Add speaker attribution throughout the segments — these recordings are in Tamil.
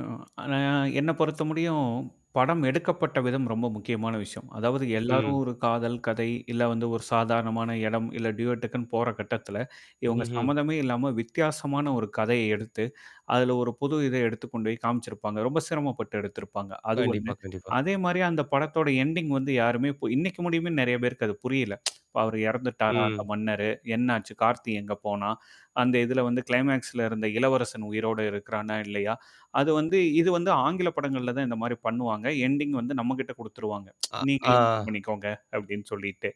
Speaker 1: ஆ. அ என்ன பொறுத்த முடியும், படம் எடுக்கப்பட்ட விதம் ரொம்ப முக்கியமான விஷயம். அதாவது எல்லாரும்
Speaker 2: ம்.
Speaker 1: ஒரு காதல், கதை, இல்ல வந்து ஒரு சாதாரணமான இடம், இல்ல டியோடக்குன்னு போற கட்டத்தல இவங்க
Speaker 2: ம்ஹ்ம்.
Speaker 1: சம்மந்தமே இல்லாம வித்தியாசமான ஒரு கதைய எடுத்து, அதுல ஒரு புது இத எடுத்துக் கொண்டு போய் காமிச்சிருப்பாங்க. ரொம்ப சிரமப்பட்டு எடுத்திருப்பாங்க, அது ஒண்ணு.
Speaker 2: கண்டிப்பா, கண்டிப்பா.
Speaker 1: அதே மாரிய அந்த படத்தோட எண்டிங் வந்து யாருமே இ இன்னைக்கு முடியுமேன்னு நெறைய பேருக்கு அது புரியல. இப்ப அவரு இறந்துட்டாரா அந்த
Speaker 2: ம்.
Speaker 1: மன்னரு, என்னாச்சு கார்த்தி எங்க போனான், அந்த இததுல வந்து கிளைமாக்ஸ்ல இருந்த இளவரசன் உயிரோடு இருக்கிறானா இல்லயா? அது வந்து இது வந்து ஆங்கில படங்கள்ல தான் இந்த மாரி பண்ணுவாங்க, எண்டிங் வந்து நம்மகிட்ட குடுத்துருவாங்க.
Speaker 2: அ
Speaker 1: நீங்களே
Speaker 2: ஆ.
Speaker 1: முடிவு பண்ணிக்கோங்க அப்ப்டின்னு சொல்லிட்டு.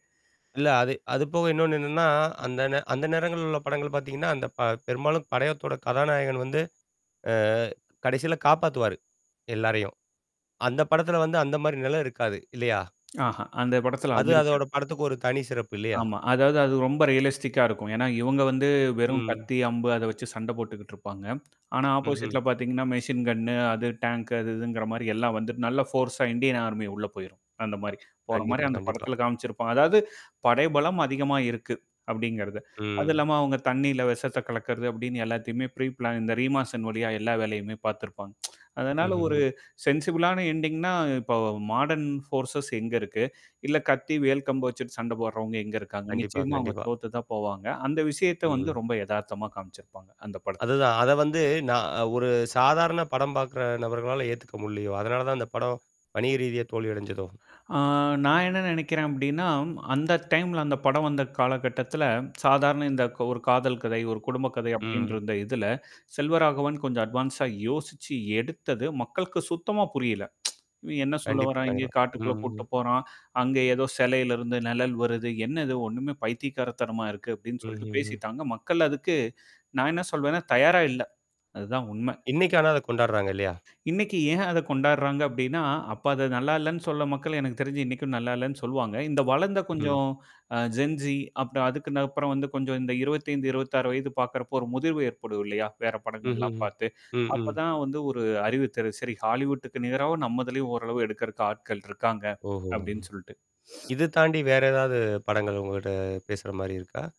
Speaker 2: இல்ல அது அதுபோக இன்னொன்னு என்னன்னா, அந்த நே அந்த நேரங்கள் உள்ள படங்கள் பாத்தீங்கன்னா, அந்த ப பெரும்பாலும் படயத்தோட கதாநாயகன் வந்து அ கடைசில காப்பாத்துவாரு, எல்லாரையும் அந்த படத்துல வந்து அந்த மாரி நிலம் இருக்காது இல்லயா?
Speaker 1: ஆஹா, அந்த படத்துல அது
Speaker 2: அது அதோட
Speaker 1: இருக்காது.
Speaker 2: படத்துக்கு ஒரு தனி சிறப்பு இல்லயா?
Speaker 1: ஆமா. அதாவது அது ரொம்ப ரியலிஸ்டிக்கா இருக்கும். ஏன்னா, இவங்க வந்து வெறும்
Speaker 2: ம்.
Speaker 1: கத்தி, அம்பு அத வச்சு சண்ட போட்டுக்கிட்டு இருப்பாங்க. ஆனா
Speaker 2: ம்ஹ்ம்.
Speaker 1: ஆப்போசிட்ல பாத்தீங்கன்னா, மெஷின் கண் ணு அது டேங்க் அது இதுங்கிற மாரி எல்லாம் வந்துட்டு நல்ல ஃபோர்ஸா இந்தியன் ஆர்மி உள்ள போயிரும், அந்த மாரி போற மாரி
Speaker 2: கண்டிப்பா,
Speaker 1: அந்த
Speaker 2: கண்டிப்பா.
Speaker 1: படத்தில காமிச்சிருப்பா. அதாவது படைபலம் அதிகமா இருக்கு. அப்டிங்கிறது, அதுவும்
Speaker 2: ம்.
Speaker 1: இல்லாம அவங்க தண்ணீில விஷத்த கலக்கிறது அப்டின்னு எல்லாத்தையுமே ப்ரீப்ளான் இந்த ரீமாசன் வழியா எல்லா வேலையுமே பாத்துருப்பாங்க. அதனால ஒரு
Speaker 2: ம்ஹ்ஹ்ம்.
Speaker 1: சென்சிபிலான எண்டிங்ன்னா இப்ப மாடர்ன்ஃபோர்சஸ் எங்க இருக்கு? இல்ல கத்தி, வேல் கம்பு வச்சுட்டு சண்ட போடுறவங்க எங்க இருக்காங்க?
Speaker 2: கண்டிப்பா,
Speaker 1: நிச்சயமா அவங்க
Speaker 2: கண்டிப்பா.
Speaker 1: தோத்து தான் போவாங்க. அந்த விஷயத்த
Speaker 2: ம்.
Speaker 1: வந்து ரொம்ப எதார்த்தமா காமிச்சிருப்பாங்க. அந்த பட
Speaker 2: அதுதான், அத வந்து நான் ஒரு சாதாரண படம் பாக்கற நபர்களால ஏத்துக்க முடியயோ! அதனால தான் அந்த படம், வணிக ரீதியா தோல்வியடைஞ்சதோ.
Speaker 1: ஆ நான் என்ன நினைக்கிறேன் அப்டின்னா, அந்த டைம்ல அந்த படம் வந்த காலகட்டத்தில சாதாரண இந்த ஒரு காதல் கதை, ஒரு குடும்ப கதை அப்டின்கின்ற
Speaker 2: ம்.
Speaker 1: இருந்த இதுல செல்வராகவன் கொஞ்சம் அட்வான்ஸா இப்ப யோசிச்சு எடுத்தது மக்களுக்கு சுத்தமா புரியல. இவன் என்ன சொல்ல
Speaker 2: கண்டிப்பா,
Speaker 1: வறான் இங்கேயே
Speaker 2: கண்டிப்பா.
Speaker 1: காட்டுக்குள்ள கூட்டிட்ட
Speaker 2: ம்ம்.
Speaker 1: போறான். அங்க ஏதோ சிலையில இருந்து நிழல் வருது, என்ன இது ஒண்ணுமே பைத்தியிகாரத்தரமா இருக்கு அப்டின்னு சொல்லிட்டு
Speaker 2: ம்ஹ்ம்ஹ்ம்.
Speaker 1: பேசிட்டாங்க. மக்கள் அதுக்கு நான் என்ன சொல்வேன்னா தயாரா இல்ல. அதுதான் உண்மை.
Speaker 2: இன்னைக்க ஆான அத கொண்டாடுறாங்க இல்லயா?
Speaker 1: இன்னக்கு ஏன் அத கொண்டாடுறாங்க அப்டின்னா, அப்ப அத நல்லா இல்லன்னு சொல்ல மக்கள் எனக்கு தெரிஞ்சு இன்னைக்கும் நல்லா இல்லன்னு சொல்லுவாங்க. இந்த வளர்ந்த
Speaker 2: ம்.
Speaker 1: கொஞ்சம் அ ஜென்ஸி அப்பறம் அதுக்கு நப்புறம் வந்து கொஞ்சம் இந்த 25, 26 வயது பாக்கறப்போ ஒரு முதிர்வு ஏற்படும் இல்லயா? வேற படங்கள்லாம்
Speaker 2: ம்ஹ்ம்ஹ்ம்.
Speaker 1: பாத்து.
Speaker 2: ம்,
Speaker 1: அப்ப
Speaker 2: ம்.
Speaker 1: தான் வந்து ஒரு அறிவுத்தரு சேரி ஹாலிவுட்டுக்கு நிகராவ நம்மதலயும் ஓரளவு எடுக்கறக்கு ஆட்கள் இருக்காங்க.
Speaker 2: ஓஹோ! ம்.
Speaker 1: அப்டின்னு சொல்ட்டு.
Speaker 2: இது தாண்டி வேற ஏதாவது படங்கள் உங்ககிட்ட பேசுற மாரி இருக்கா?